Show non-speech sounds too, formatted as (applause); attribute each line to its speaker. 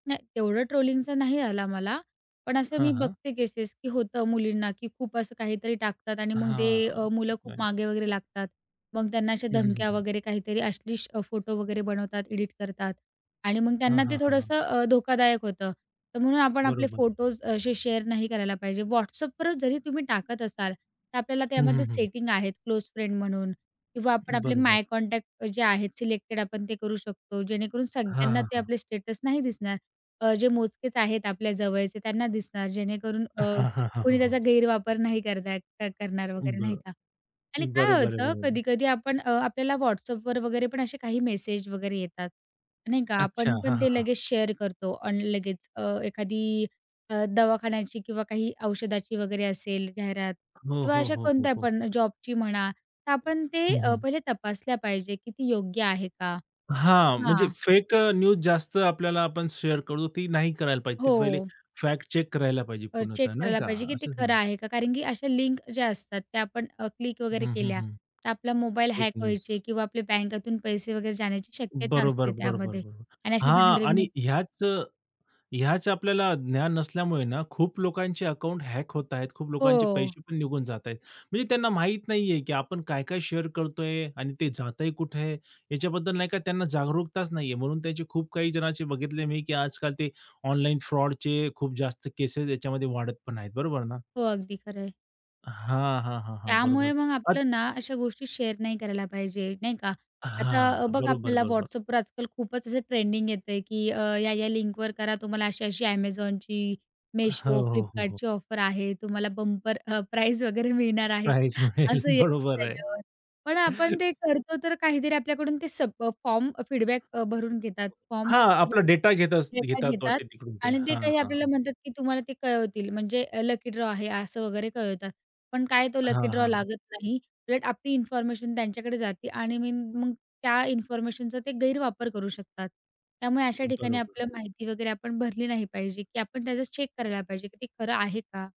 Speaker 1: नाही, तेवढं ट्रोलिंगचं नाही आला मला. पण असं
Speaker 2: हां,
Speaker 1: मी
Speaker 2: हां.
Speaker 1: बघते केसेस की होतं मुलींना की खूप असं काहीतरी टाकतात आणि मग ते
Speaker 2: हां.
Speaker 1: अ, मुलं खूप
Speaker 2: (unintelligible)
Speaker 1: मागे वगैरे लागतात, मग त्यांना अशा
Speaker 2: हं, हं, हं,
Speaker 1: धमक्या
Speaker 2: हं.
Speaker 1: वगैरे काहीतरी अश्लील अ, फोटो वगैरे बनवतात, एडिट करतात आणि मग
Speaker 2: हां,
Speaker 1: त्यांना ते
Speaker 2: हां, हां, हां.
Speaker 1: थोडंसं अ, धोकादायक होतं. तर म्हणून आपण आपले
Speaker 2: बरोबर.
Speaker 1: फोटोज असे शेअर नाही करायला पाहिजे. WhatsAppवर जरी तुम्ही टाकत असाल, तर आपल्याला
Speaker 2: हं, हं,
Speaker 1: त्यामध्ये
Speaker 2: हं.
Speaker 1: सेटिंग आहेत. क्लोज फ्रेंड म्हणून किंवा आपण आपले माय
Speaker 2: बरोबर.
Speaker 1: कॉन्टॅक्ट अ, जे आहेत, सिलेक्टेड आपण ते करू शकतो. जेणेकरून
Speaker 2: हां,
Speaker 1: सगळ्यांना
Speaker 2: हां,
Speaker 1: ते
Speaker 2: हां.
Speaker 1: आपले स्टेटस नाही दिसणार. अ, जे मोजकेच आहेत आपल्या जवळचे त्यांना दिसणार. जेणेकरून अ,
Speaker 2: हां, हां, हां,
Speaker 1: कोणी
Speaker 2: हां, हां.
Speaker 1: त्याचा गैरवापर नाही करत आहेत क करणार
Speaker 2: उम्म,
Speaker 1: वगैरे,
Speaker 2: बर
Speaker 1: नाही का? आणि काय
Speaker 2: बरोबर आहे,
Speaker 1: होतं
Speaker 2: बरोबर आहे.
Speaker 1: कधी-कधी आपण अ, आपल्याला WhatsAppवर वगैरे पण असे काही मेसेज वगैरे येतात, नाही का,
Speaker 2: अच्छा.
Speaker 1: आपण
Speaker 2: हां,
Speaker 1: पण
Speaker 2: हां,
Speaker 1: ते
Speaker 2: हां.
Speaker 1: लगेच शेअर करतो अन् लगेच अ, एखादी अ, दवाखान्याची किंवा काही औषधाची वगैरे असेल जाहिरात
Speaker 2: हो,
Speaker 1: किंवा
Speaker 2: हो,
Speaker 1: अशा
Speaker 2: हो, हो,
Speaker 1: कोणत्या
Speaker 2: हो.
Speaker 1: पण, जॉबची म्हणा, तर आपण ते
Speaker 2: हं,
Speaker 1: अ,
Speaker 2: हं.
Speaker 1: पहिले तपासल्या पाहिजे की ती योग्य आहे का
Speaker 2: हां. म्हणजे
Speaker 1: हां.
Speaker 2: फेक अ, न्यूज जास्त आपल्याला आपण शेअर करतो ती नाही करायला पाहिजे. ते पहिले
Speaker 1: हो.
Speaker 2: फॅक्ट चेक करायला पाहिजे
Speaker 1: अ,
Speaker 2: पूर्णतः,
Speaker 1: चेक
Speaker 2: नाही
Speaker 1: करायला
Speaker 2: का,
Speaker 1: पाहिजे की ते
Speaker 2: असंच ना?
Speaker 1: खरं आहे का, कारण की अशा लिंक ज्या असतात, त्या आपण अ, क्लिक वगैरे
Speaker 2: हं, हं,
Speaker 1: केल्या,
Speaker 2: हं.
Speaker 1: तर आपला मोबाईल
Speaker 2: फेक
Speaker 1: हॅक
Speaker 2: न्यूज.
Speaker 1: व्हायचे किंवा आपल्या बँकेतून पैसे वगैरे जाण्याची शक्यता
Speaker 2: बरोबर,
Speaker 1: असते
Speaker 2: बरोबर,
Speaker 1: त्यामध्ये
Speaker 2: बरोबर.
Speaker 1: आणि अशा.
Speaker 2: हां आणि
Speaker 1: (unintelligible)
Speaker 2: ह्याच अ, ह्याच आपल्याला ज्ञान नसल्यामुळे ना खूप लोकांचे अकाउंट हॅक होत आहेत, खूप लोकांचे
Speaker 1: हो.
Speaker 2: पैसे पण निघून जात आहेत. म्हणजे त्यांना माहीत नाहीये की आपण काय-काय शेअर करतोय आणि ते जातंय कुठे, याच्याबद्दल नाही का त्यांना जागरूकताच नाहीये. म्हणून त्याचे खूप काही जणांचे बघितले मी की आजकाल ते ऑनलाईन फ्रॉडचे खूप जास्त केसेस याच्यामध्ये वाढत पण आहेत, बरोबर ना?
Speaker 1: हो. अगदी खरंय.
Speaker 2: हां, हां, हां, हां. बरोबर
Speaker 1: त्यामुळे मग
Speaker 2: अत
Speaker 1: आपलं ना अशा गोष्टी शेअर नाही करायला पाहिजे, नाही का, आता
Speaker 2: हां.
Speaker 1: अ, बघा
Speaker 2: बरोबर,
Speaker 1: आपल्याला
Speaker 2: बरोबर.
Speaker 1: WhatsAppवर आजकाल खूपच असं ट्रेंडिंग येतंय की अ, या-या लिंकवर करा, तुम्हाला अशी-अशी Amazonची,
Speaker 2: हो,
Speaker 1: Meesho,
Speaker 2: हो, हो, हो.
Speaker 1: Flipkartची ऑफर आहे. तुम्हाला बंपर अ, प्राईज वगैरे मिळणार आहे
Speaker 2: प्राइझ मिळेल.
Speaker 1: असं येतं
Speaker 2: बरोबर आहे.
Speaker 1: त्याच्यावर. पण आपण
Speaker 2: (chuckles)
Speaker 1: ते करतो, तर काहीतरी आपल्याकडून ते सप अ, फॉर्म अ, फीडबॅक अ, भरून घेतात. फॉर्म
Speaker 2: हां, आपला
Speaker 1: हो,
Speaker 2: डेटा घेतात अस
Speaker 1: डेटा
Speaker 2: घेतात
Speaker 1: घेतात
Speaker 2: वाटते तिकडून ते.
Speaker 1: आणि ते
Speaker 2: हां,
Speaker 1: काही
Speaker 2: हां,
Speaker 1: आपल्याला
Speaker 2: हां.
Speaker 1: म्हणतात की तुम्हाला ते कळवतील. म्हणजे अ, लकी ड्रॉ आहे असं वगैरे कळवतात. पण काय तो
Speaker 2: हां,
Speaker 1: लकी
Speaker 2: हां,
Speaker 1: ड्रॉ
Speaker 2: हां.
Speaker 1: लागत नाही, उलट आपली इन्फॉर्मेशन त्यांच्याकडे जाते आणि मीन मग त्या इन्फॉर्मेशनचा ते गैरवापर करू शकतात. त्यामुळे अशा ठिकाणी
Speaker 2: बरोबर.
Speaker 1: आपलं माहिती वगैरे आपण भरली नाही पाहिजे की आपण त्याचंच चेक करायला पाहिजे की ते खरं आहे का?